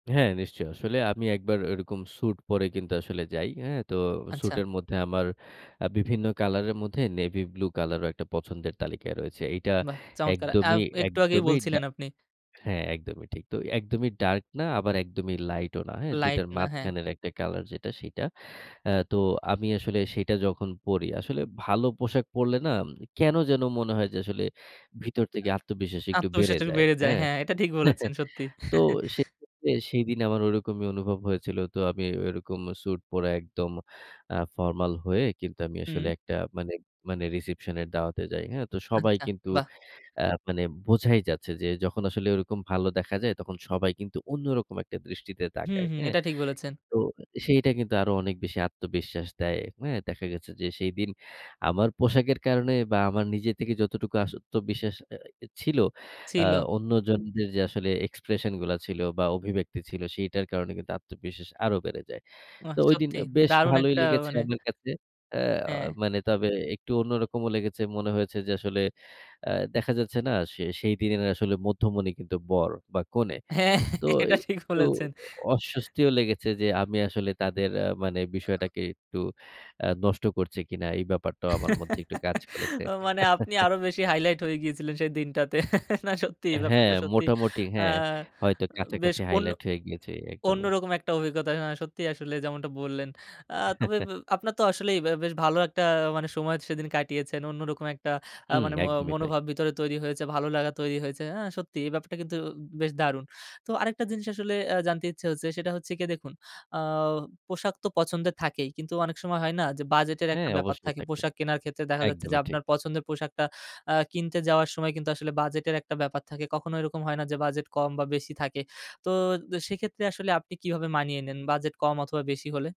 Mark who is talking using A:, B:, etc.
A: হ্যাঁ, নিশ্চয়ই। আসলে আমি ১ বার ওরকম স্যুট পরে কিন্তু আসলে যাই। হ্যাঁ? তো স্যুট
B: আচ্ছা।
A: এর মধ্যে আমার অ্যা বিভিন্ন কালারের মধ্যে নেভি ব্লু কালারও পছন্দের তালিকায় রয়েছে। এইটা
B: বাহ! চমৎকার আব
A: একদমই,
B: একটু আগেই
A: একদমই ডা
B: বলছিলেন, আপনি
A: হ্যাঁ একদমই ঠিক। তো একদমই ডার্ক না আবার একদমই লাইটও না হ্যাঁ? ২
B: লাইট
A: টার
B: না হ্যাঁ।
A: মাঝখানের একটা কালার যেটা সেইটা। আ তো আমি আসলে সেটা যখন পড়ি আসলে ভালো পোশাক পড়লে না উম কেন যেন মনে হয় যে আসলে ভিতর
B: আ
A: থেকে আত্মবিশ্বাস একটু বেড়ে
B: আত্মবিশ্বাসটা একটু
A: যায়।
B: বেড়ে যায়।
A: হ্যাঁ?
B: হ্যাঁ এটা ঠিক বলেছেন, সত্যি।
A: তো সেক্ষেত্রে সেইদিন আমার ওরকমই অনুভব হয়েছিল। তো আমি ওরকম সুট পরা একদম আ ফরমাল হয়ে কিন্তু আমি আসলে
B: হুম।
A: একটা মানে, মানে রিসেপশন এর দাওয়াতে যাই। হ্যাঁ? তো সবাই
B: আচ্ছা,
A: কিন্তু
B: বাহ!
A: আ মানে বোঝাই যাচ্ছে যে যখন আসলে ওরকম ভালো দেখা যায় তখন সবাই কিন্তু অন্যরকম একটা দৃষ্টিতে
B: হুম,
A: তাকায়,
B: হুম।
A: হ্যাঁ।
B: এটা ঠিক বলেছেন।
A: তো সেইটা কিন্তু আরো অনেক বেশি আত্মবিশ্বাস দেয়, হ্যাঁ? দেখা গেছে যে সেইদিন আমার পোশাকের কারণে বা আমার নিজের থেকে যতটুকু আত্মবিশ্বাস অ্যা ছিল আ
B: ছিল।
A: অন্যজনদের যে আসলে এক্সপ্রেশন গুলা ছিল বা অভিব্যক্তি ছিল সেইটার কারণে কিন্তু আত্মবিশ্বাস আরো বেড়ে যায়।
B: বাহ!
A: তো ঐদিন
B: সত্যি
A: আ বেশ
B: দারুন
A: ভালোই
B: একটা
A: লেগেছে
B: মানে
A: আমার কাছে। অ্যা
B: হ্যাঁ।
A: মানে তবে একটু অন্যরকমও লেগেছে মনে হয়েছে যে আসলে অ্যা দেখা যাচ্ছে না সে সেইদিনের আসলে মধ্যমণি কিন্তু বর বা কনে।
B: হ্যাঁ
A: তো
B: এটা ঠিক
A: একটু
B: বলেছেন।
A: অস্বস্তিও লেগেছে যে আমি আসলে তাদের অ্যা মানে বিষয়টাকে একটু আ নষ্ট করছি কিনা এই ব্যাপারটাও আমার মধ্যে একটু কাজ করেছে।
B: আ মানে আপনি আরো বেশি হাইলাইট হয়ে গিয়েছিলেন সেই দিনটাতে। না সত্যি এই
A: হ্যাঁ,
B: ব্যাপারটা সত্যি
A: মোটামুটি
B: আ
A: হ্যাঁ, হয়তো
B: বেশ
A: কাছাকাছি
B: অন্য
A: হাইলাইট হয়ে গিয়েছে একদমই।
B: অন্যরকম একটা অভিজ্ঞতা হা সত্যিই আসলে যেমনটা বললেন। আ তবে ব আপনার তো আসলেই এবা বেশ ভালো একটা মানে সময় সেদিন কাটিয়েছেন। অন্যরকম একটা আ
A: হুম
B: মানে ম
A: একদমই তাই।
B: মনোভাব ভিতরে তৈরি হয়েছে, ভালো লাগা তৈরি হয়েছে। আ সত্যি এই ব্যাপারটা কিন্তু বেশ দারুণ! তো আরেকটা জিনিস আসলে আ জানতে ইচ্ছে হচ্ছে সেটা হচ্ছে গিয়ে দেখুন, আ পোশাক তো পছন্দের থাকেই কিন্তু অনেক সময় হয় না? যে বাজেটের একটা
A: হ্যাঁ
B: ব্যাপার
A: অবশ্যই
B: থাকে।
A: থাকে।
B: পোশাক কেনার ক্ষেত্রে দেখা যাচ্ছে যে
A: একদমই ঠিক।
B: আপনার পছন্দের পোশাকটা আ কিনতে যাওয়ার সময় কিন্তু আসলে বাজেটের একটা ব্যাপার থাকে। কখনো এরকম হয় না যে বাজেট কম বা বেশি থাকে। তো দ সেক্ষেত্রে আসলে আপনি কিভাবে মানিয়ে নেন বাজেট কম অথবা বেশি হলে?